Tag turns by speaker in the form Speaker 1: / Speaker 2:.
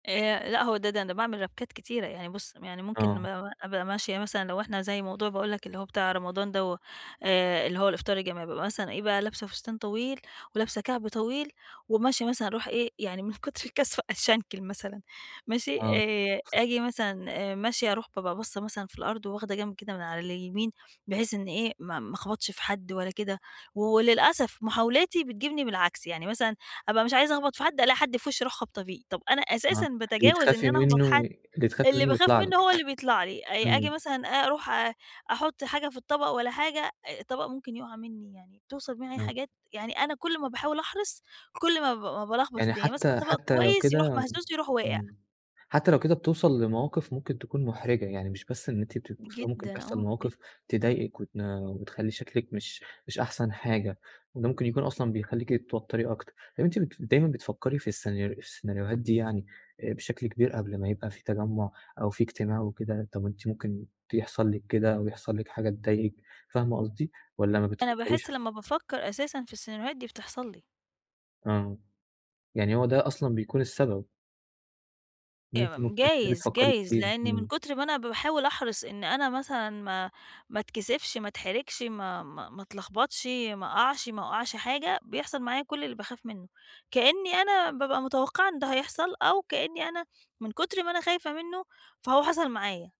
Speaker 1: آآ لأ، هو ده ده أنا باعمل ربْكات كتيرة، يعني بُص، يعني ممكن مم
Speaker 2: آه.
Speaker 1: أبقى ماشية مثلًا لو إحنا زي موضوع باقول لك اللي هو بتاع رمضان دوَّة آآ اللي هو الإفطار الجماعي، بابقي مثلًا إيه بقى، لابْسة فستان طويل، ولابسة كعب طويل، وماشية مثلًا أروح إيه يعني من كُتْر الكسْفة أتشنْكل مثلًا ماشي،
Speaker 2: آه.
Speaker 1: آآ آجي مثلًا آآ ماشية أروح بابقى باصّة مثلًا في الأرض، وواخدة جنْب كده من على اليمين، بحيث إن إيه، ما ما أخبَطْش في حد ولا كده، وللأسف محاولاتي بتجيبني بالعكس، يعني مثلًا أبقى مش عايزة أخبَط في حد، ألاقي حد في وشّي أروح خابطة فيه. طَب أنا
Speaker 2: آه،
Speaker 1: أساسًا
Speaker 2: اللي
Speaker 1: باتجاوز إن
Speaker 2: تخافي
Speaker 1: أنا أخْبَط
Speaker 2: منّه
Speaker 1: حد،
Speaker 2: ي اللي تخافي
Speaker 1: اللي
Speaker 2: منه
Speaker 1: باخاف
Speaker 2: يطلع
Speaker 1: منّه
Speaker 2: لِك.
Speaker 1: هو اللي بيطلَع لي، أ آجي
Speaker 2: امم.
Speaker 1: مثلًا أ أروح آآ أحطّ حاجة في الطبق ولا حاجة، الطبق ممكن يقع منّي، يعني بتوصل معي
Speaker 2: آه.
Speaker 1: حاجات يعني أنا كُل ما باحاول أحرص، كُل ما ب ما بالخْبَط
Speaker 2: يعني
Speaker 1: الدنيا. ماسكة
Speaker 2: حتى
Speaker 1: الطَبق
Speaker 2: حتى لو
Speaker 1: كويس، يروح
Speaker 2: كده
Speaker 1: مهزوز، يروح واقع.
Speaker 2: امم، حتى لو كده بتوصل لمواقف ممكن تكون محرِجة، يعني مش بس إن أنتِ بتبقي مكسوفة، ممكن
Speaker 1: جدًا
Speaker 2: تحصل
Speaker 1: آه، جدًا.
Speaker 2: مواقف تضايقِك، وتن وتخلّي شكلِك مش مش أحسن حاجة، وده ممكن يكون أصلًا بيخلِّيكِ تتوتري أكتر. طب أنتِ بت دايمًا بتفكّري في السينا السيناريوهات دي يعني آآ بشكل كبير قبل ما يبقى في تجمُّع أو في اجتماع وكده؟ طب أنتِ ممكن يحصل لِك كده أو يحصل لِك حاجة تضايقِك، فاهمة قصدي؟ والّا ما
Speaker 1: أنا
Speaker 2: بتفكّريش
Speaker 1: باحسّ
Speaker 2: حت
Speaker 1: لمّا بافكّر أساسًا في السيناريوهات دي، بتحصل لي.
Speaker 2: آه، يعني هو ده أصلًا بيكون السبب. إن أنتِ
Speaker 1: إمم
Speaker 2: ممكن تكوني
Speaker 1: جايز،
Speaker 2: بتفكّري
Speaker 1: جايز
Speaker 2: كتير،
Speaker 1: لأن من
Speaker 2: امم.
Speaker 1: كتْر ما أنا باحاول أحرِص إن أنا مثلًا ما ما اتكسِفش، ما اتحرِجْش ما ما ما اتلخبطْش، ما أقعْش، ما أوقّعش حاجة، بيحصل معايا كلّ اللي باخاف منّه، كإنّي أنا بابقى متوقّعة إن ده هيحصل، أو كإني أنا من كُتْر ما أنا خايفة منّه، فهو حصل معايا.